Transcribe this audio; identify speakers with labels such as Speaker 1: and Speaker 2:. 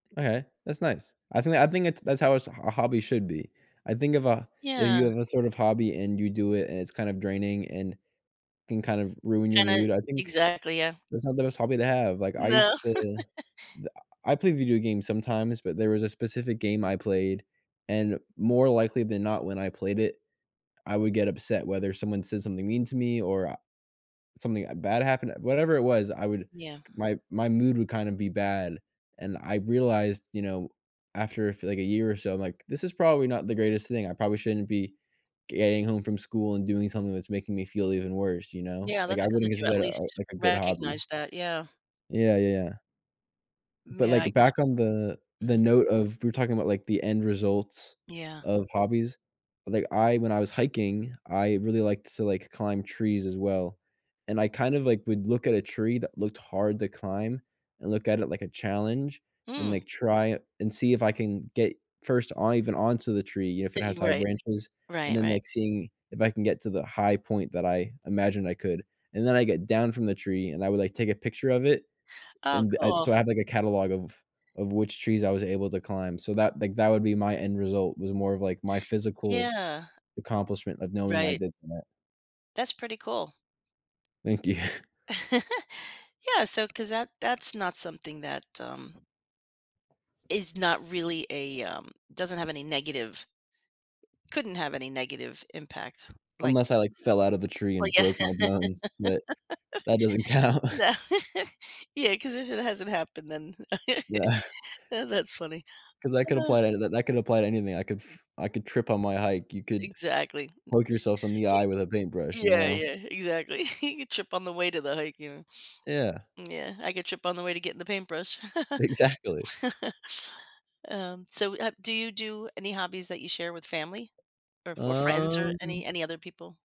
Speaker 1: Okay, that's nice. I think I think it's that's how a s a hobby should be. I think of a if
Speaker 2: Yeah.
Speaker 1: you have a sort of hobby, and you do it, and it's kind of draining, and can kind of ruin your
Speaker 2: Kinda
Speaker 1: mood, I think
Speaker 2: Exactly, yeah.
Speaker 1: that's not the best hobby to have. Like, I
Speaker 2: No.
Speaker 1: used to d ah, ah, I play video games sometimes, but there was a specific game I played, and more likely than not when I played it, I would get upset whether someone said something mean to me, or, uh, something, uh, bad happened. Whatever it was, I would
Speaker 2: Yeah.
Speaker 1: my my mood would kind of be bad, and I realized, you know, after a f like, a year or so, I'm like, "This is probably not the greatest thing. I probably shouldn't be getting home from school and doing something that's making me feel even worse," you know?
Speaker 2: Yeah,
Speaker 1: Like,
Speaker 2: that's
Speaker 1: I
Speaker 2: good
Speaker 1: wouldn't
Speaker 2: that you at
Speaker 1: consider that, uh,
Speaker 2: least
Speaker 1: like, a good hobby.
Speaker 2: recognize that, yeah.
Speaker 1: Yeah, yeah. But,
Speaker 2: Yeah, I
Speaker 1: like,
Speaker 2: guess.
Speaker 1: back on the the
Speaker 2: Mhm.
Speaker 1: note of we're talking about, like, the end results
Speaker 2: Yeah.
Speaker 1: of hobbies. Like, I when I was hiking, I really liked to, like, climb trees as well, and I kind of, like, would look at a tree that looked hard to climb, and look at it like a challenge, and,
Speaker 2: Hmm.
Speaker 1: like, try and see if I can get first on even onto the tree, you know, if it has high
Speaker 2: Right,
Speaker 1: branches, and
Speaker 2: right,
Speaker 1: then,
Speaker 2: right.
Speaker 1: like, seeing if I can get to the high point that I imagined I could, and then I get down from the tree, and I would, like, take a picture of it,
Speaker 2: Oh,
Speaker 1: and I
Speaker 2: cool.
Speaker 1: so I have, like, a catalog of of which trees I was able to climb. So that like, that would be my end result. It was more of, like, my physical
Speaker 2: Yeah.
Speaker 1: accomplishment of knowing I
Speaker 2: Right.
Speaker 1: did that.
Speaker 2: That's pretty cool.
Speaker 1: Thank you.
Speaker 2: Yeah, so 'cause that that's not something that, um is not really a, um doesn't have any negative couldn't have any negative impact, like
Speaker 1: Unless I, like, fell out of the tree,
Speaker 2: Well,
Speaker 1: and
Speaker 2: yeah.
Speaker 1: broke my bones, but that doesn't count.
Speaker 2: No. Yeah, 'cause if it hasn't happened, then
Speaker 1: Yeah.
Speaker 2: Yeah, that's funny.
Speaker 1: 'Cause I could
Speaker 2: Uh
Speaker 1: apply to that that could apply to anything. I could f I could trip on my hike, you could
Speaker 2: Exactly.
Speaker 1: poke yourself in the
Speaker 2: Y
Speaker 1: eye with a paintbrush, you
Speaker 2: Yeah,
Speaker 1: know.
Speaker 2: yeah, exactly. You trip on the way to the hike and
Speaker 1: Yeah.
Speaker 2: Yeah, I could trip on the way to getting the paintbrush.
Speaker 1: Exactly.
Speaker 2: Um, so, uh, do you do any hobbies that you share with family, or or friends, or
Speaker 1: Um.
Speaker 2: any any other people?